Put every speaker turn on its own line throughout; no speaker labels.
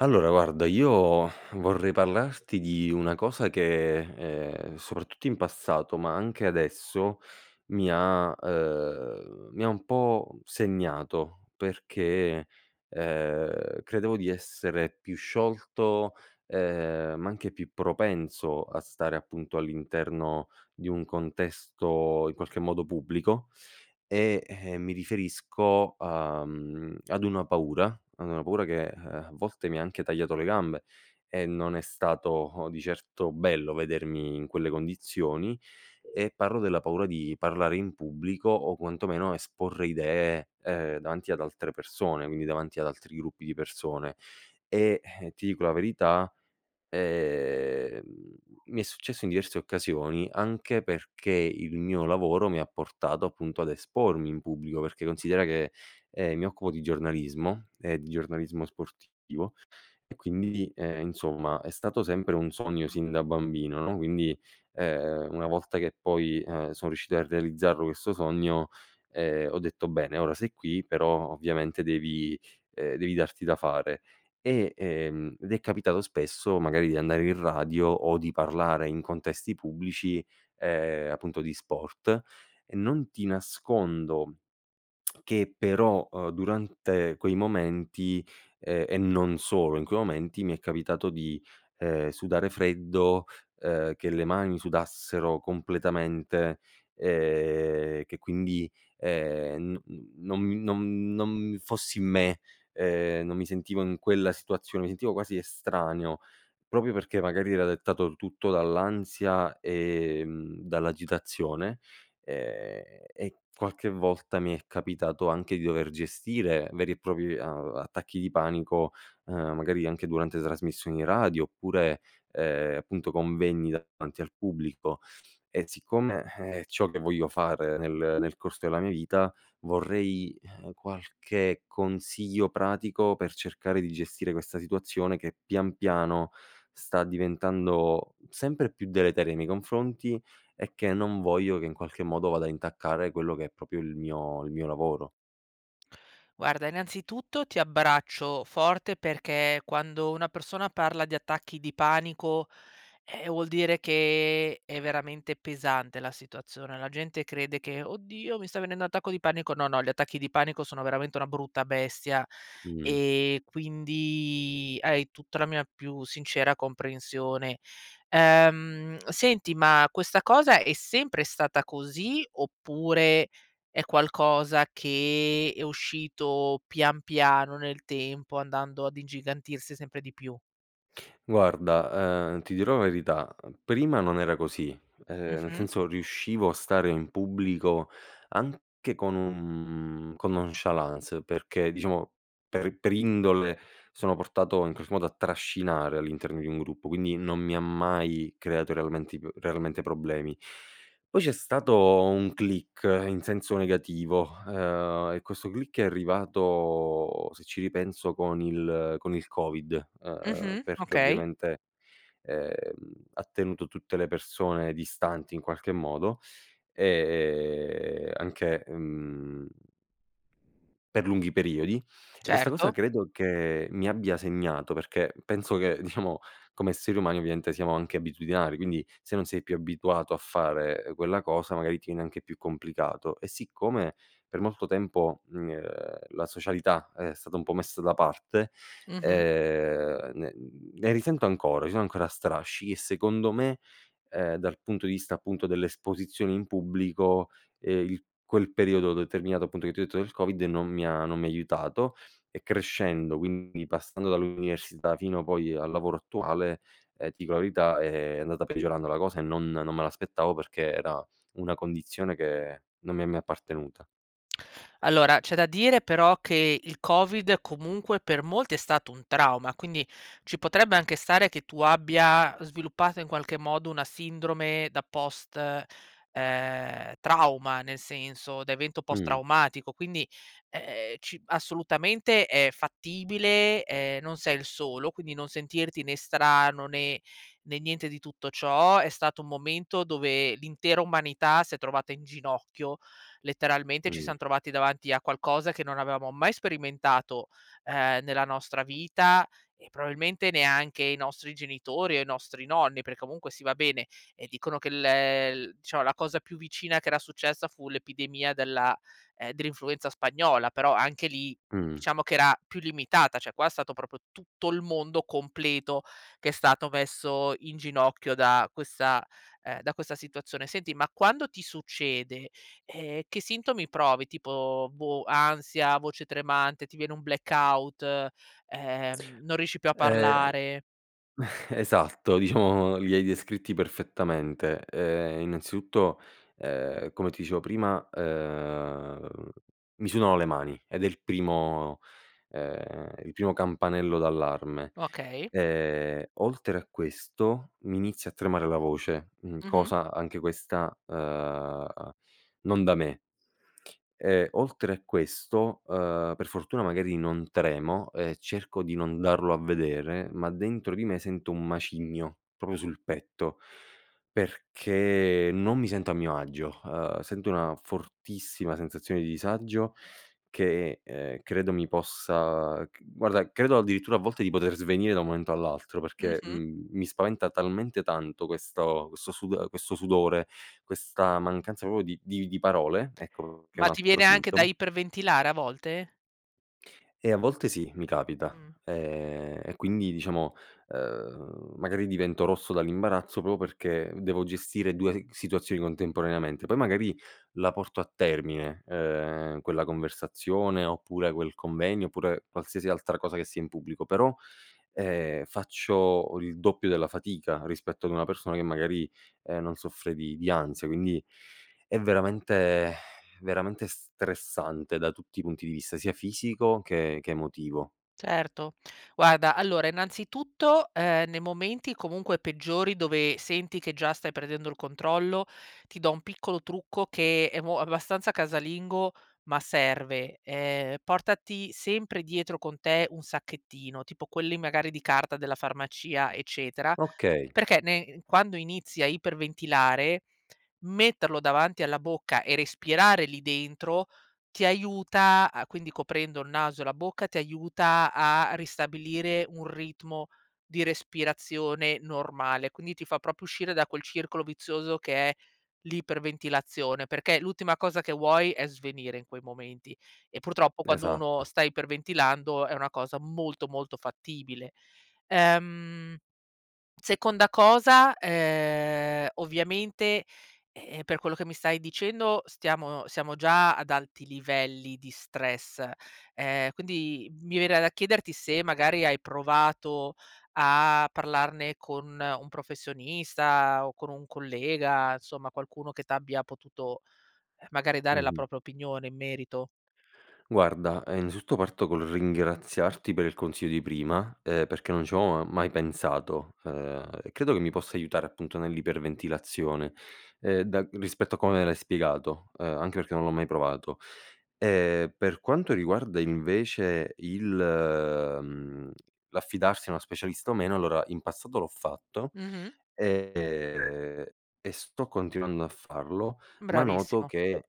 Allora guarda, io vorrei parlarti di una cosa che, ehm, soprattutto in passato, ma anche adesso, mi ha ehm, mi ha un po' segnato, perché, ehm, credevo di essere più sciolto, ehm, ma anche più propenso a stare appunto, all'interno di un contesto in qualche modo pubblico, e, ehm, mi riferisco, uhm, ad una paura ad una paura che, eh, a volte mi ha anche tagliato le gambe, e non è stato di certo bello vedermi in quelle condizioni, e parlo della paura di parlare in pubblico o quantomeno esporre idee, ehm, davanti ad altre persone, quindi davanti ad altri gruppi di persone. E, eh, ti dico la verità, ehm, mi è successo in diverse occasioni, anche perché il mio lavoro mi ha portato appunto, ad espormi in pubblico, perché considera che, ehm, mi occupo di giornalismo, ehm di giornalismo sportivo; e quindi, ehm, insomma è stato sempre un sogno sin da bambino, no, quindi, ehm, una volta che poi, ehm, sono riuscito a realizzarlo questo sogno, ehm, ho detto: "Bene, ora sei qui, però ovviamente devi ehm, devi darti da fare." E ehm, ed è capitato spesso magari di andare in radio o di parlare in contesti pubblici, ehm, appunto di sport, e non ti nascondo, che però, uhm, durante quei momenti, ehm, e non solo in quei momenti, mi è capitato di, ehm, sudare freddo, ehm, che le mani sudassero completamente, ehm, che quindi, ehm, n non nom non fossi in me, ehm, non mi sentivo in quella situazione, mi sentivo quasi estraneo, proprio perché magari era dettato tutto dall'ansia, ehm, dall'agitazione. Ehm, e qualche volta mi è capitato anche di dover gestire veri e propri a attacchi di panico, ehm magari anche durante trasmissioni radio, oppure, ehm, appunto convegni davanti al pubblico. E siccome, eh, è ciò che voglio fare nel nel corso della mia vita, vorrei, eh, qualche consiglio pratico per cercare di gestire questa situazione che, pian piano, sta diventando sempre più deleteria nei miei confronti, e che non voglio che in qualche modo vada a intaccare quello che è proprio il mio il mio lavoro.
Guarda, innanzitutto ti abbraccio forte, perché quando una persona parla di attacchi di panico, eh, vuol dire che è veramente pesante la situazione. La gente crede che: "Oddio, mi sta venendo un attacco di panico." No, no, gli attacchi di panico sono veramente una brutta bestia,
Mh.
ehm, quindi hai tutta la mia più sincera comprensione. Ehm, senti, ma questa cosa è sempre stata così, oppure è qualcosa che è uscito pian piano nel tempo, andando ad ingigantirsi sempre di più?
Guarda, ehm, ti dirò verità: prima non era così. Ehm, nel
Mh-mh.
senso riuscivo a stare in pubblico, anche con un con nonchalance, perché diciamo, per per indole sono portato in qualche modo a trascinare all'interno di un gruppo. Quindi non mi ha mai creato realmenti p realmente problemi. Poi c'è stato un click, in senso negativo, ehm, e questo click è arrivato se ci ripenso con il con il Covid, ehm,
Mh-mh,
perché
okay.
ovviamente, ehm, ha tenuto tutte le persone distanti in qualche modo. Ehm, anche, uhm per lunghi periodi. E questa cosa
Certo.
credo che mi abbia segnato. Perché penso che diciamo come esseri umani ovviamente siamo anche abitudinari, quindi, se non sei più abituato a fare, ehm, quella cosa magari ti viene anche più complicato. E siccome, per molto tempo, mhmm, ehm, la socialità è stata un po' messa da parte,
Mh-mh.
ehm, ne ne risento ancora, ci sono ancora strascichi; e secondo me, ehm, dal punto di vista appunto, delle esposizioni in pubblico, e il quel periodo determinato, appunto, che ti ho detto del Covid, non mi ha non mi ha aiutato. E crescendo, quindi passando dall'università fino poi al lavoro attuale, ehm, ti dico la verità è è andata peggiorando la cosa e non non me l'aspettavo perché era una condizione che non mi è mai appartenuta.
Allora, c'è da dire però che il Covid, comunque, per molti è stato un trauma, quindi ci potrebbe anche stare che tu abbia sviluppato in qualche modo una sindrome da post, ehm, trauma. Nel senso, da evento post
Mh.
traumatico, quindi, ehm, ci assolutamente è fattibile, ehm, non sei il solo, quindi non sentirti né strano né né niente di tutto ciò, è stato un momento dove l'intera umanità si è trovata in ginocchio, letteralmente ci
Mh.
siam trovati davanti a qualcosa che non avevamo mai sperimentato, ehm, nella nostra vita, e probabilmente neanche i nostri genitori o i nostri nonni. Per comunque, sì va bene, ehm,
[unintelligible]
dicono che la el diciamo la cosa più vicina che era successa fu l'epidemia della ehm, dell'influenza spagnola, però anche lì,
Mh.
diciamo che era più limitata, cioè qua è stato proprio tutto il mondo completo, che è stato messo in ginocchio da questa ehm, da questa situazione. Senti, ma quando ti succede, ehm, che sintomi provi? Tipo, boh, ansia? Voce tremante? Ti viene un blackout? E ehm, non riesci più a
Ehm
parlare?
esatto, diciamo, li hai descritti perfettamente. Uhm, innanzitutto, uhm, come ti dicevo prima, uhm, mi sudano le mani ed è il primo, uhm, il primo campanello d'allarme.
Okay.
Ehm, oltre a questo mi inizia a tremare la voce, mhmm,
Mh-mh.
cosa anche questa, uhm, non da me e, oltre a questo, uhm, per fortuna magari non tremo e cerco di non darlo a vedere, ma dentro di me sento un macigno, proprio sul petto, perché non mi sento a mio agio, uhm, sento una fortissima sensazione di disagio, che è uhm, credo mi possa, ch guarda credo addirittura, a volte, di poter svenire da un momento all'altro, perché,
Mh-mh.
mhmm, mi spaventa talmente tanto questo- questo sud uhm, questo sudore, questa mancanza proprio di di di parole, ecco che è
Ma
un
ti
altro
viene anche da
sintomo.
iperventilare, a volte?
Eh a volte sì, mi capita.
Mh.
Ehm, e quindi diciamo, uhm, magari divento rosso dall'imbarazzo, proprio perché devo gestire 2 gh situazioni contemporaneamente, poi magari la porto a termine, uhm, quella conversazione, oppure quel convegno, oppure qualsiasi altra cosa che sia in pubblico, però, ehm, faccio il doppio della fatica rispetto ad una persona che magari, ehm, non soffre di di ansia. Quindi, è veramente veramente stressante da tutti i punti di vista, sia fisico che che emotivo.
Certo. Guarda allora, innanzitutto, ehm, nei momenti comunque peggiori dove senti che già stai perdendo il controllo, ti do un piccolo trucco che è mo abbastanza casalingo, ma serve: ehm, portati sempre dietro con te un sacchettino tipo quelli, magari, di carta della farmacia, eccetera.
Okay.
Perché ne ehm, quando inizi a iperventilare, metterlo davanti alla bocca e respirare lì dentro, ti aiuta a quindi coprendo il naso e la bocca, ti aiuta a ristabilire un ritmo, di respirazione normale, quindi ti fa proprio uscire da quel circolo vizioso che è, l'iperventilazione, perché l'ultima cosa che vuoi è svenire in quei momenti. E purtroppo, quando uno
Esatto.
sta iperventilando è una cosa molto molto fattibile. Ehm, seconda cosa: ehm, ovviamente, ehm-ehm, per quello che mi stai dicendo, stiamo siamo già ad alti livelli di stress, ehm, quindi mi verrà da chiederti se, magari, hai provato a parlarne con un professionista? O con un collega? Insomma, qualcuno che t'abbia potuto, magari, dare la
Mh-mh.
propria opinione in merito?
Guarda, ehm, innanzitutto parto col ringraziarti per il consiglio di prima, ehm, perché non ci avevo mai pensato. Ehm, e credo che mi possa aiutare appunto, nell'iperventilazione, ehm, da rispetto a come l'hai spiegato, uhm, anche perché non l'ho mai provato. E per quanto riguarda invece il mhmm, l'affidarsi a una specialista o meno, allora in passato l'ho fatto
Mh-mh.
ehm, e sto continuando a farlo, ma noto
Bravissimo.
che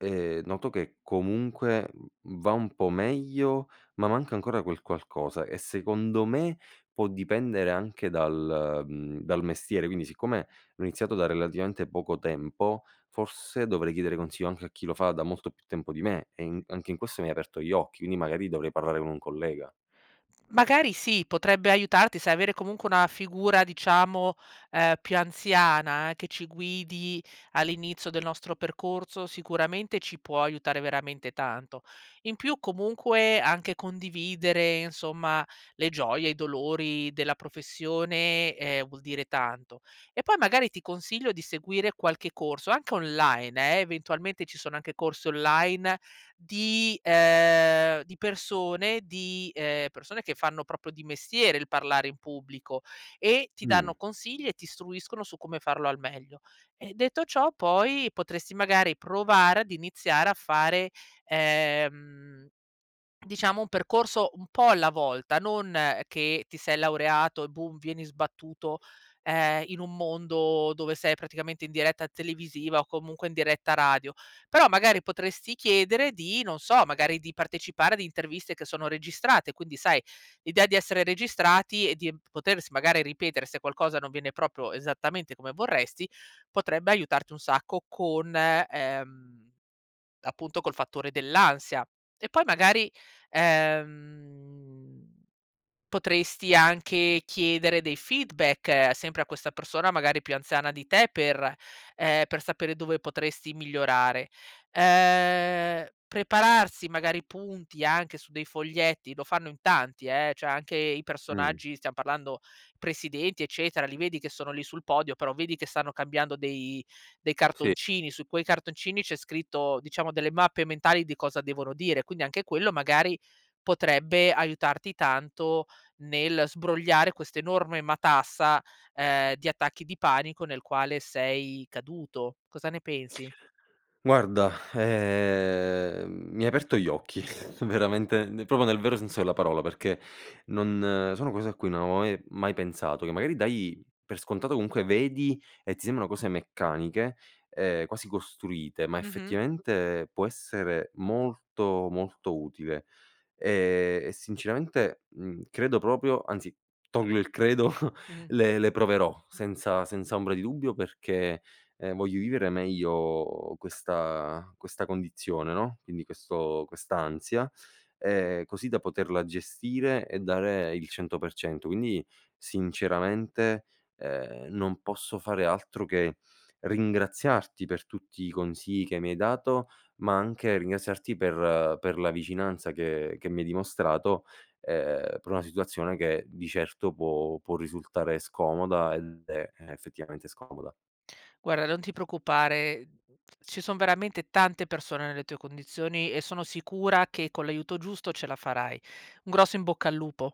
ehm, noto che comunque va un po' meglio, ma manca ancora quel qualcosa. E secondo me, può dipendere anche dal mhmm, dal mestiere. Quindi, siccome ho iniziato da relativamente poco tempo, forse dovrei chiedere consiglio anche a chi lo fa da molto più tempo di me. E in anche in questo mi hai aperto gli occhi, quindi magari dovrei parlare con un collega.
Magari sì, potrebbe aiutarti, sai, avere comunque una figura diciamo, ehm, più anziana, che ci guidi all'inizio del nostro percorso, sicuramente ci può aiutare veramente tanto. In più comunque, anche condividere insomma, le gioie, i dolori della professione eh vuol dire tanto. E poi, magari ti consiglio di seguire qualche corso anche online eh, eventualmente ci sono anche corsi online, di ehm, di persone di ehm, persone che fanno proprio di mestiere il parlare in pubblico, e ti
Mh.
danno consigli e ti istruiscono su come farlo al meglio. E detto ciò, poi potresti magari provare ad iniziare a fare, ehm, diciamo un percorso un po' alla volta. Non che ti sei laureato e boom, vieni sbattuto, ehm, in un mondo dove sei praticamente in diretta televisiva o comunque in diretta radio. Però, magari potresti chiedere di non so, magari di partecipare ad interviste che sono registrate, quindi sai, l'idea di essere registrati e di potersi magari ripetere se qualcosa non viene proprio esattamente come vorresti, potrebbe aiutarti un sacco con ehm, appunto col fattore dell'ansia. E poi, magari, ehm, potresti anche chiedere dei feedback sempre a questa persona, magari più anziana di te per, ehm, per sapere dove potresti migliorare. Ehm, prepararsi magari punti anche su dei foglietti lo fanno in tanti, eh, cioè anche i
Mh.
personaggi stiamo parlando presidenti, eccetera, li vedi che sono lì sul podio, però vedi che stanno cambiando dei dei
Sì.
cartoncini. Su quei cartoncini c'è scritto diciamo delle mappe mentali di cosa devono dire. Quindi, anche quello magari, potrebbe aiutarti tanto nel sbrogliare questa enorme matassa, ehm, di attacchi di panico nel quale sei caduto. Cosa ne pensi?
Guarda, ehm, mi hai aperto gli occhi veramente proprio nel vero senso della parola, perché non sono cose a cui non avevo mai mai pensato. Che magari dai per scontato comunque vedi e ti sembrano cose meccaniche, ehm, quasi costruite. Ma
Mh-mh.
effettivamente può essere molto, molto utile. Ehm, e sinceramente, mhmm, credo proprio anzi, tolgo il credo
Mh-mh.
le le proverò, senza senza ombra di dubbio, perché, ehm, voglio vivere meglio questa questa condizione, no, quindi questo quest'ansia. Ehm, così da poterla gestire e dare il 100%. Quindi, sinceramente, ehm, non posso fare altro che ringraziarti per tutti i consigli che mi hai dato, ma anche ringraziarti per per la vicinanza che che mi hai dimostrato, ehm, per una situazione che di certo può può risultare scomoda, ed è, ehm, effettivamente scomoda.
Guarda, non ti preoccupare. Ci son veramente tante persone nelle tue condizioni e sono sicura che con l'aiuto giusto ce la farai. Un grosso in bocca al lupo.